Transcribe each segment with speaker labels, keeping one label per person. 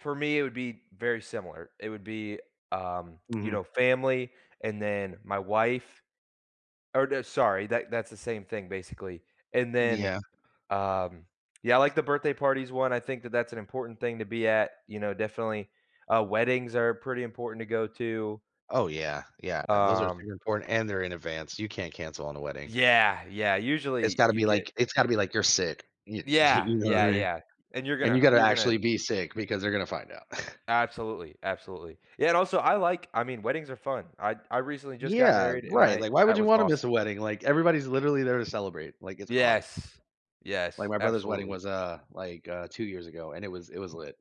Speaker 1: For me, it would be very similar. It would be, um, you
Speaker 2: Mhm.
Speaker 1: know, family, and then my wife. Oh, sorry, that that's the same thing, basically. And then,
Speaker 2: Yeah.
Speaker 1: um, yeah, I, like, the birthday parties one. I think that that's an important thing to be at, you know, definitely, uh, weddings are pretty important to go to.
Speaker 2: Oh, yeah, yeah. Those are
Speaker 1: Um
Speaker 2: super important and they're in advance. You can't cancel on a wedding.
Speaker 1: Yeah, yeah,
Speaker 2: It's
Speaker 1: usually
Speaker 2: gotta
Speaker 1: you
Speaker 2: be,
Speaker 1: get
Speaker 2: like it's gotta be, like, you're sick, you
Speaker 1: Yeah,
Speaker 2: you know what
Speaker 1: yeah,
Speaker 2: I mean.
Speaker 1: yeah, and you're
Speaker 2: And you
Speaker 1: gonna
Speaker 2: got to
Speaker 1: you're gonna
Speaker 2: actually be sick because they're going to find out.
Speaker 1: Absolutely, absolutely. Yeah, and also, I, like, I mean, weddings are fun. I I recently just got
Speaker 2: Yeah,
Speaker 1: married and
Speaker 2: right,
Speaker 1: I
Speaker 2: like, why would
Speaker 1: that
Speaker 2: you
Speaker 1: was
Speaker 2: want to miss a
Speaker 1: awesome.
Speaker 2: wedding? Like, everybody's literally there to celebrate, like, it's awesome.
Speaker 1: Yes,
Speaker 2: Like,
Speaker 1: yes,
Speaker 2: my brother's wedding
Speaker 1: absolutely.
Speaker 2: was, uh, like, 2 years ago, and it was it was lit.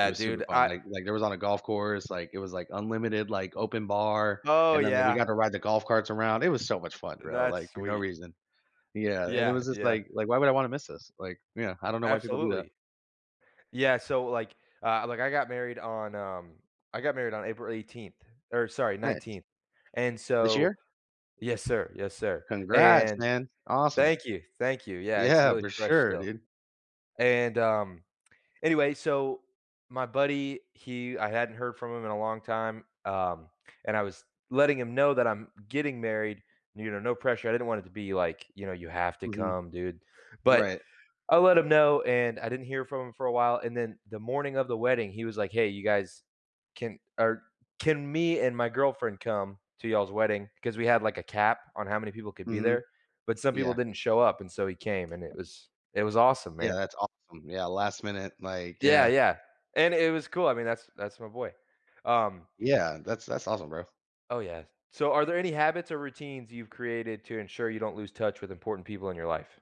Speaker 2: It was super
Speaker 1: dude,
Speaker 2: fun,
Speaker 1: I
Speaker 2: like like, there was on a golf course, like, it was, like, unlimited, like, open bar,
Speaker 1: Oh,
Speaker 2: and then we
Speaker 1: yeah.
Speaker 2: got to ride the golf carts around, it was so much fun, bro, like,
Speaker 1: That's
Speaker 2: for no
Speaker 1: sweet.
Speaker 2: reason. Yeah, and it
Speaker 1: Yeah,
Speaker 2: was just,
Speaker 1: yeah.
Speaker 2: like like, why would I want to miss this, like, yeah, I don't know why people do that.
Speaker 1: Absolutely. Yeah, so, like, uh, like, I got married on, um, I got married on April 18th, or sorry,
Speaker 2: Nice.
Speaker 1: 19th, and
Speaker 2: This
Speaker 1: so
Speaker 2: year?
Speaker 1: yes, sir, yes, sir.
Speaker 2: Congrats,
Speaker 1: And
Speaker 2: man. Awesome.
Speaker 1: thank you, thank you. Yeah, it's
Speaker 2: Yeah,
Speaker 1: really
Speaker 2: for
Speaker 1: fresh
Speaker 2: sure,
Speaker 1: still.
Speaker 2: dude.
Speaker 1: And, um, anyway, so, my buddy, he I hadn't heard from him in a long time, um, and I was letting him know that I'm getting married, you know, no pressure, I didn't want it to be, like, you know, "You have to
Speaker 2: Mhm.
Speaker 1: come, dude." But,
Speaker 2: Right.
Speaker 1: I let him know and I didn't hear from him for a while, and then the morning of the wedding, he was, like, "Hey, you guys, can, uh, can me and my girlfriend come to y'all's wedding?" because we had, like, a cap on how many people could be
Speaker 2: Mhm.
Speaker 1: there, but some people
Speaker 2: Yeah.
Speaker 1: didn't show up and so he came and it was it was awesome,
Speaker 2: Yeah,
Speaker 1: man.
Speaker 2: that's awesome. Yeah, last minute, like,
Speaker 1: Yeah,
Speaker 2: yeah.
Speaker 1: yeah, and it was cool, I mean, that's that's my boy. Um.
Speaker 2: Yeah, that's that's awesome, bro.
Speaker 1: Oh, yeah. So are there any habits or routines you've created to ensure you don't lose touch with important people in your life?